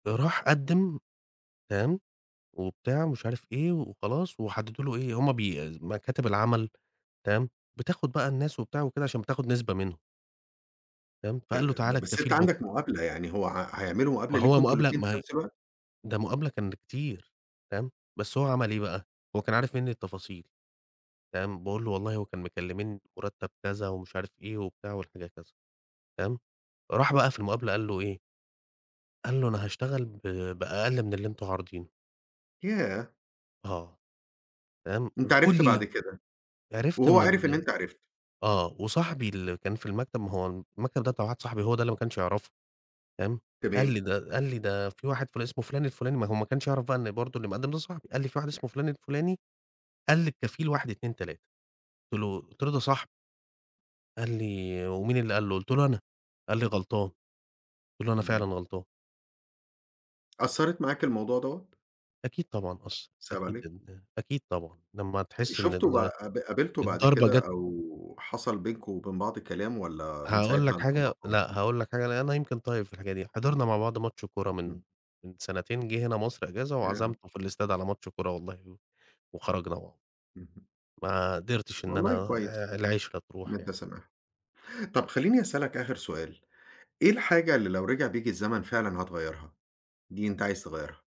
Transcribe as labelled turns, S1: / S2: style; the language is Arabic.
S1: ده راح قدِّم، تمام؟ وبتاع ومش عارف إيه، وخلاص وحددوا له إيه هم بي مكاتب العمل تمام، بتاخد بقى الناس وبتاع وكده عشان بتاخد نسبة منهم. فاهم؟ فقال
S2: تم
S1: له
S2: ب
S1: تعالى
S2: بس
S1: الكفيل
S2: أنت
S1: بُك
S2: عندك مقابلة يعني، هو ع هيعملوا
S1: ما
S2: مقابلة
S1: هو
S2: ليكُم أنتم
S1: مقابلة
S2: الاتنين
S1: ما
S2: في
S1: هي
S2: نفس الوقت؟
S1: ده مقابلة كان لكتير، فاهم؟ بس هو عمل إيه بقى؟ هو كان عارف منّي التفاصيل، فاهم؟ باقول له والله هو كان مكلمينّي بمُرتّب كذا، ومش عارف إيه وبتاع والحكاية كذا، تمام، راح بقى في المقابلة قال له إيه؟ قال له: "أنا هاشتغل ب بأقل من اللي أنتم عارضينه."
S2: ياه!
S1: آه. تمام،
S2: أنت عرفت
S1: وكل
S2: بعد كده،
S1: عرفت
S2: وهو
S1: إن
S2: عِرف إن
S1: ال
S2: أنت عرفت.
S1: آه وصاحبي اللي كان في المكتب ما هو المكتب ده بتاع واحد صاحبي هو ده اللي ما كانش يعرفه، تمام؟ قال لي
S2: تمام.
S1: ده قال لي ده في واحد فلا اسمه فلان الفلاني ما هو ما كانش يعرف بقى إن برضو اللي مقدم صاحبي، قال لي في واحد اسمه فلان الفلاني قال للكفيل 1، 2، 3 قُلت له قُلت له ده صاحبي. قال لي: "ومين اللي قال له؟" قُلت له: "أنا" قال لي: "غلطان." قُلت له: "أنا فعلًا
S2: اهم.
S1: غلطان."
S2: أثّرِت معاك الموضوع دوة؟
S1: أكيد طبعًا أثّ
S2: صِعِب
S1: أكيد
S2: عليك.
S1: إن أكيد طبعًا لما
S2: أ
S1: تحس إن
S2: شُفته ب
S1: ال
S2: ق قابلته بعد
S1: الضربة
S2: كده
S1: جات
S2: أو حصل بينكم وبين بعض كلام والّا من
S1: هاقول
S2: ساعتها
S1: لك
S2: أنت
S1: حاجة،
S2: مقاطعه؟
S1: لأ هاقول لك حاجة لأن أنا يمكن طيب في الحاجة دي، حضرنا مع بعض ماتش كورة من
S2: امم.
S1: من سنتين جِه هنا مصر إجازة،
S2: ياه!
S1: وعزمته في الإستاد على ماتش كورة والله، وخرجنا مع
S2: اهم.
S1: ما قدرتش إن
S2: والله
S1: أنا
S2: كويس.
S1: آآ، العِشرة
S2: إن
S1: تروح
S2: أنت
S1: يعني.
S2: سامحته، طب خليني أسألك آخر سؤال، إيه الحاجة اللي لو رجع بيك الزمن فعلًا هتغيرها؟ دي أنت عايز تغيرها؟